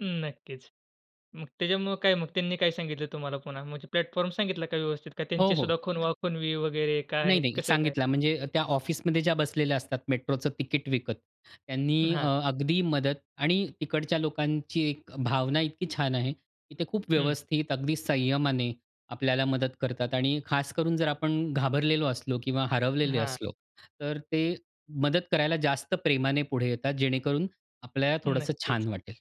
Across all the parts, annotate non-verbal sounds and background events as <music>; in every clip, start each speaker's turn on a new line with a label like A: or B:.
A: अं, नक्कीच. मग त्याच्यामुळं काय मग त्यांनी काय सांगितल तुम्हाला पुन्हा? म्हणजे प्लॅटफॉर्म सांगितला का व्यवस्थित? का
B: हो,
A: त्यांची
B: हो.
A: सुद्धा खुणवा-खुणवी वगैरे
B: नाही,
A: काय,
B: नाही.
A: कसं काय?
B: सांगितला, म्हणजे त्या ऑफिसमध्ये ज्या बसलेल्या असतात मेट्रोचं तिकीट विकत, त्यांनी अ,
A: हां.
B: अगदी मदत आणि तिकडच्या लोकांची एक भावना इतकी छान आहे की ते खूप
A: हं.
B: व्यवस्थित, अगदी संयमाने आपल्याला मदत करतात. आणि खास करून, जर आपण घाबरलेलो असलो किंवा हरवलेले
A: हां.
B: असलो, तर ते मदत करायला जास्त प्रेमाने पुढे येतात, जेणेकरून आपल्या थोडंसं
A: नक्कीच.
B: छान वाटेल.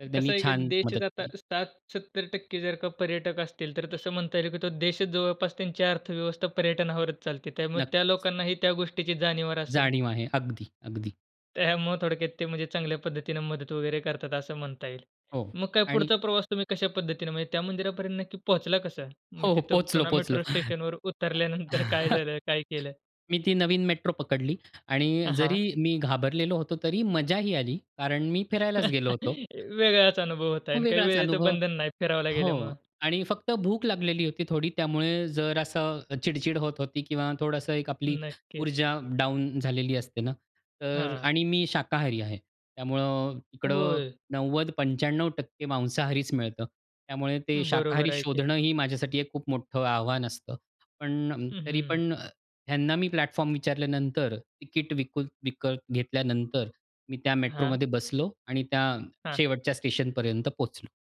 B: तर
A: कसं
B: त्यांनी
A: आहे, की
B: छान मदत
A: देशच आता
B: केली.
A: 60- 70% जर का पर्यटक असतील, तर तसं म्हणता येईल की तो देशच जवळपास त्यांची अर्थव्यवस्था पर्यटनावरच चालते. त्यामुळे त्या
B: नक्कीच.
A: लोकांनाही त्या गोष्टीची जाणीवर असेल.
B: जाणीव आहे. अगदी, अगदी.
A: त्यामुळं थोडक्यात ते, म्हणजे चांगल्या पद्धतीने मदत वगैरे करतात, असं म्हणता येईल.
B: हो.
A: मग काय,
B: आणि
A: पुढचा प्रवास तुम्ही कश्या पद्धतीने म्हणजे त्या मंदिरापर्यंत नक्की पोहोचला कसं? मग
B: हो, हो.
A: तिथं
B: पोहचलो,
A: पुन्हा
B: पोहोचलो.
A: मेट्रो
B: <chuckles>
A: स्टेशनवर
B: अ,
A: उतरल्यानंतर काय
B: ह
A: झालं, काय केलं?
B: मी ती नवीन मेट्रो पकडली आणि
A: अ हां.
B: जरी मी घाबरलेलो होतो, तरी मजाही आली; कारण मी फिरायलाच गेलो होतो.
A: <chuckles> वेगळाच अनुभव होत आहे
B: मग
A: आणि काही
B: वेगळाच
A: वेळेचं
B: अनुभव.
A: बंधन नाही, फिरावला गेल्यामुळे.
B: हो. आणि फक्त भूक लागलेली होती थोडी, त्यामुळे जरा असं चिडचिड होत होती किंवा थोडंसं एक आपली
A: नक्कीच.
B: ऊर्जा डाउन झालेली असते न. तर
A: हां.
B: आणि मी शाकाहारी आहे. त्यामुळं इकडं
A: होय?
B: 90%-95% मांसाहारीच मिळतं. त्यामुळे ते
A: बरोबर
B: शाकाहारी
A: आहे की.
B: शोधणं ही माझ्यासाठी एक खूप मोठं आव्हान असतं. पण, तरी
A: अहं.
B: पण, ह्यांना मी प्लॅटफॉर्म विचारल्यानंतर, तिकीट विकू विकत घेतल्यानंतर, मी त्या
A: हां.
B: मेट्रोमध्ये बसलो आणि त्या
A: हां.
B: शेवटच्या स्टेशनपर्यंत पोहोचलो.